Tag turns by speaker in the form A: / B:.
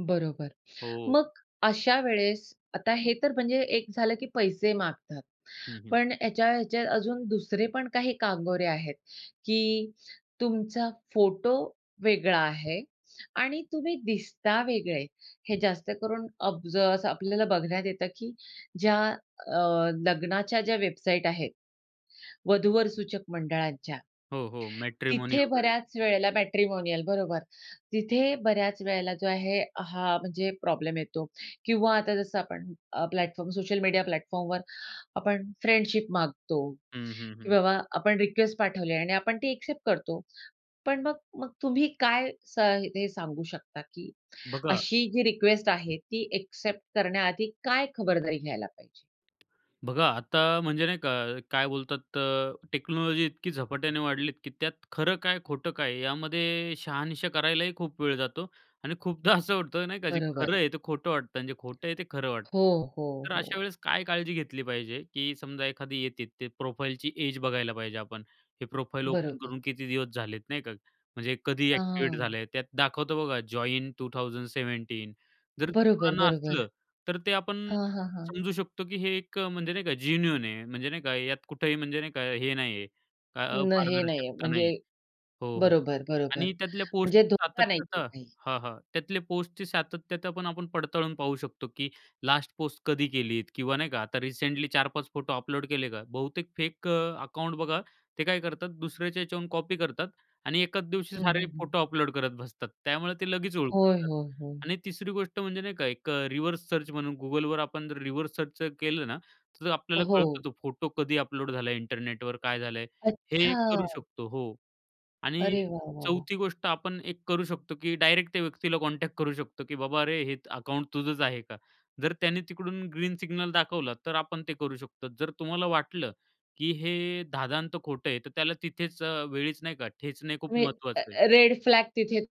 A: बरोबर.
B: हो.
A: मग अशावेळेस आता हे तर म्हणजे एक झालं की पैसे मागतात.
B: हं, हं.
A: पण याच्या याच्यात अजून दुसरे पण काही कांगोरे आहेत की तुमचा फोटो वेगळा आहे आणि तुम्ही दिसता वेगळे. हे जास्त करून अब जरासं आपल्याला बघण्यात येतं की ज्या अ, लग्नाच्या ज्या वेबसाईट आहेत वधू-वर सूचक मंडळाच्या,
B: हो, हो. मॅट्रिमोनी
A: तिथे
B: वगैरे.
A: बऱ्याच वेळेला मॅट्रिमोनियल बरोबर, तिथे बऱ्याच वेळेला जो आहे हा म्हणजे प्रॉब्लेम येतो. किंवा आता जसं आपण प्लॅटफॉर्म सोशल मीडिया प्लॅटफॉर्मवर आपण फ्रेंडशिप मागतो
B: हं, हं,
A: की
B: हं.
A: बाबा आपण रिक्वेस्ट पाठवली आहे आणि आपण ती ॲक्सेप्ट करतो. पण मग मग तुम्ही काय स हे सांगू शकता की
B: बघा.
A: अशी जी रिक्वेस्ट आहे ती ॲक्सेप्ट करण्याआधी काय खबरदारी घ्यायला पाहिजे?
B: बघा आता म्हणजे नाही का? काय बोलतात अ, टेक्नॉलॉजी इतकी झपाट्याने वाढली आहे की त्यात खरं काय खोटं काय? यामध्ये शहानिशा करायलाही खूप वेळ जातो आणि खूपदा असं होतं नाही का "जे खरं
A: बरोबर.
B: आहे ते खोटं वाटतं आणि जे खोटं आहे ते खरं वाटतं."
A: हो, हो,
B: तर
A: हो.
B: अशावेळेस काय काळजी घेतली पाहिजे की समजा एखादी येते ते प्रोफाईलची एज बघायला पाहिजे आपण. हे प्रोफाईल ओपन
A: बरोबर.
B: करून किती दिवस झाले, नाही का? म्हणजे कधी ॲक्टिव्हेट
A: अ.
B: झालंय त्यात दाखवतो बघा जॉईन 2017 जर
A: बरोबर,
B: पुराणं
A: बरोबर.
B: असलं तर ते आपण
A: हां, हां, हां.
B: समजू शकतो की हे एक म्हणजे नाही का जेन्युइन आहे म्हणजे नाही का, यात कुठेही म्हणजे नाही का हे नाही आहे काय
A: नाही हे नाही आहे.
B: अपारदर्शकता नाही.
A: म्हणजे
B: हो, हो.
A: बरोबर, बरोबर.
B: आणि त्यातल्या
A: म्हणजे
B: पोस्टची
A: धोका नाही आहे
B: सातत्यता
A: काही.
B: हां, हां. त्यातले पोस्टची सातत्यता पण आपण पडताळून पाहू शकतो की लास्ट पोस्ट कधी केली किंवा नाही का आता रिसेंटली 4-5 फोटो अपलोड केले का? बहुतेक फेक अकाउंट बघा ते काय करतात दुसऱ्याच्या याच्यावून कॉपी करतात आणि एकाच दिवशी
A: हं,
B: सारे
A: हं, हं.
B: फोटो अपलोड करत बसतात. त्यामुळे ते लगेच ओळखू
A: होय,
B: येतात
A: होय, होय.
B: आणि तिसरी गोष्ट म्हणजे नाही का एक रिव्हर्स सर्च म्हणून Googleवर आपण रिव्हर्स सर्च जर केलं ना तर आपल्याला
A: हो.
B: कळतं तो फोटो कधी अपलोड झालाय इंटरनेटवर, काय झालंय? हे करू
A: अच्छा!
B: शकतो. हो. आणि
A: अरे वा वा वा!
B: चौथी गोष्ट आपण एक करू शकतो की डायरेक्ट त्या व्यक्तीला कॉन्टॅक्ट करू शकतो की "बाबा रे, हे अकाउंट तुझंच आहे का?" जर त्याने तिकडून ग्रीन सिग्नल दाखवला तर आपण ते करू शकतो. जर तुम्हाला वाटलं की हे धादांत खोटं आहे तर त्याला तिथेच वेळीच नाही का ठेचणं ही
A: मग
B: खूप
A: हे अ,
B: महत्त्वाचं आहे.
A: रेड फ्लॅग तिथे